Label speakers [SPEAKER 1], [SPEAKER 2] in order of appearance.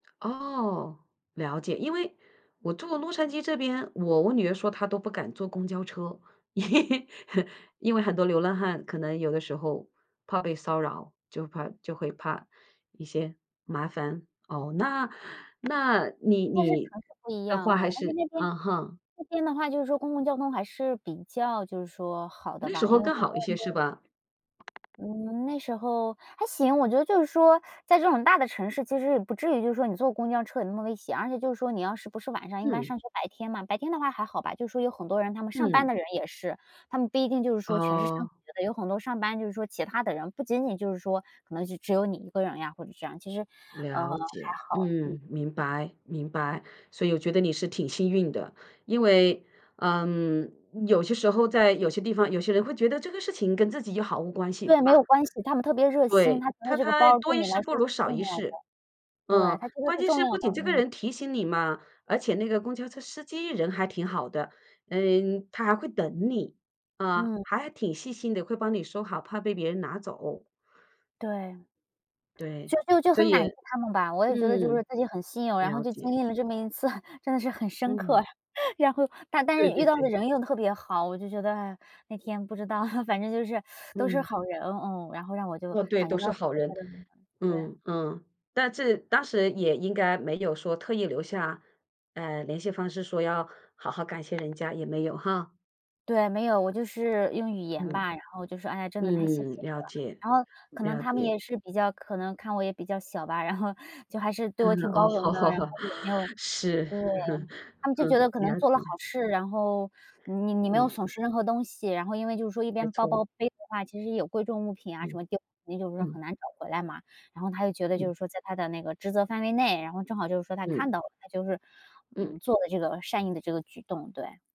[SPEAKER 1] 哦，了解。因为我住洛杉矶这边，我我女儿说她都不敢坐公交车。因为很多流浪汉可能有的时候，怕被骚扰，就怕就会怕一些麻烦。哦，那那你
[SPEAKER 2] 应该是
[SPEAKER 1] 你
[SPEAKER 2] 城市不一
[SPEAKER 1] 的
[SPEAKER 2] 样
[SPEAKER 1] 话还
[SPEAKER 2] 哦，而且
[SPEAKER 1] 是
[SPEAKER 2] 那边
[SPEAKER 1] 嗯哼。
[SPEAKER 2] 那边的话就是说公共交通还是比较就是说，好的
[SPEAKER 1] 那时
[SPEAKER 2] 吧，因
[SPEAKER 1] 候
[SPEAKER 2] 为
[SPEAKER 1] 更
[SPEAKER 2] 好像
[SPEAKER 1] 好一些，
[SPEAKER 2] 那
[SPEAKER 1] 是
[SPEAKER 2] 边
[SPEAKER 1] 吧？
[SPEAKER 2] 嗯，那时候还行。我觉得就是说在这种大的城市，其实也不至于就说你坐公交车有那么危险，而且就说你要是不是晚上，一般
[SPEAKER 1] 嗯。
[SPEAKER 2] 上学白天嘛，白天的话还好吧。就说有很多人他们上班
[SPEAKER 1] 嗯。
[SPEAKER 2] 的人也是，他们不一定就是说全是上
[SPEAKER 1] 哦。
[SPEAKER 2] 学的，有很多上班就是说其他的人，不仅仅就是说可能是只有你一个人呀，或者是这样其实，呃，还
[SPEAKER 1] 了解，
[SPEAKER 2] 好，嗯。
[SPEAKER 1] 嗯，明白明白，所以我觉得你是挺幸运的。因为，嗯，有些时候在有些地方，有些人会觉得这个事情跟自己又毫无关系，
[SPEAKER 2] 对，
[SPEAKER 1] 对吧？
[SPEAKER 2] 没有关系，他们特别热心。
[SPEAKER 1] 对，
[SPEAKER 2] 他觉得
[SPEAKER 1] 他
[SPEAKER 2] 这个
[SPEAKER 1] 他
[SPEAKER 2] 包
[SPEAKER 1] 多
[SPEAKER 2] 对
[SPEAKER 1] 一
[SPEAKER 2] 你来
[SPEAKER 1] 事不
[SPEAKER 2] 说
[SPEAKER 1] 如
[SPEAKER 2] 是
[SPEAKER 1] 少
[SPEAKER 2] 重
[SPEAKER 1] 一
[SPEAKER 2] 要的。
[SPEAKER 1] 事，
[SPEAKER 2] 对，
[SPEAKER 1] 嗯，
[SPEAKER 2] 他觉得
[SPEAKER 1] 关
[SPEAKER 2] 是
[SPEAKER 1] 键
[SPEAKER 2] 重
[SPEAKER 1] 是
[SPEAKER 2] 要
[SPEAKER 1] 不
[SPEAKER 2] 的，
[SPEAKER 1] 仅这个
[SPEAKER 2] 嗯。
[SPEAKER 1] 人提醒你嘛，而且那个公交车司机人还挺好的，呃，他还会等你。啊，
[SPEAKER 2] 嗯。
[SPEAKER 1] 还挺细心的，会帮你收好，怕被别人拿走。
[SPEAKER 2] 对。
[SPEAKER 1] 对，
[SPEAKER 2] 就就就
[SPEAKER 1] 所
[SPEAKER 2] 很
[SPEAKER 1] 以
[SPEAKER 2] 感激他们吧，我也觉得就是
[SPEAKER 1] 嗯。
[SPEAKER 2] 自己很幸运，然后
[SPEAKER 1] 了
[SPEAKER 2] 就经
[SPEAKER 1] 解。
[SPEAKER 2] 历了这么一次，真的是很深刻
[SPEAKER 1] 嗯。
[SPEAKER 2] 呀。然后，但但
[SPEAKER 1] 对
[SPEAKER 2] 是遇
[SPEAKER 1] 对
[SPEAKER 2] 到的
[SPEAKER 1] 对。
[SPEAKER 2] 人又特别好，我就觉得，哎，那天不知道 反正就是 都是
[SPEAKER 1] 嗯。
[SPEAKER 2] 好人，哦，然后让我就
[SPEAKER 1] 嗯，对，
[SPEAKER 2] 感觉
[SPEAKER 1] 都
[SPEAKER 2] 到
[SPEAKER 1] 是
[SPEAKER 2] 的
[SPEAKER 1] 好人。
[SPEAKER 2] 对。
[SPEAKER 1] 嗯嗯。但这当时也应该没有说特意留下，呃，联系方式说要好好感谢人家，也没有哈。
[SPEAKER 2] 对，没有，我就是用语言
[SPEAKER 1] 嗯-
[SPEAKER 2] 吧，然后就说：“哎呀，真的太谢
[SPEAKER 1] 嗯，
[SPEAKER 2] 谢你
[SPEAKER 1] 了
[SPEAKER 2] 了”。
[SPEAKER 1] 解
[SPEAKER 2] 然后可能
[SPEAKER 1] 了
[SPEAKER 2] 他们
[SPEAKER 1] 解。
[SPEAKER 2] 也是比较可能看我也比较小吧，然后就还是对
[SPEAKER 1] 嗯，
[SPEAKER 2] 我挺
[SPEAKER 1] 哦，
[SPEAKER 2] 包
[SPEAKER 1] 好
[SPEAKER 2] 容的，
[SPEAKER 1] 好
[SPEAKER 2] 然后
[SPEAKER 1] 好，
[SPEAKER 2] 也没有
[SPEAKER 1] 是，
[SPEAKER 2] 对。他们 就觉
[SPEAKER 1] 嗯。
[SPEAKER 2] 得可
[SPEAKER 1] 了
[SPEAKER 2] 能做了好
[SPEAKER 1] 解。
[SPEAKER 2] 事，然后你你没有
[SPEAKER 1] 嗯。
[SPEAKER 2] 损失任何东西。然后因为就是说一
[SPEAKER 1] 没
[SPEAKER 2] 边包
[SPEAKER 1] 错。
[SPEAKER 2] 包背的话，其实有贵重物品啊，什
[SPEAKER 1] 嗯。
[SPEAKER 2] 么就你就是
[SPEAKER 1] 嗯。
[SPEAKER 2] 很难找回来嘛。然后他就觉得就
[SPEAKER 1] 嗯。
[SPEAKER 2] 是说在他的那个职责范围内，然后正好就是说他
[SPEAKER 1] 嗯。
[SPEAKER 2] 看到了，他就是
[SPEAKER 1] 嗯。
[SPEAKER 2] 嗯，做的这个善意的这个举动，对。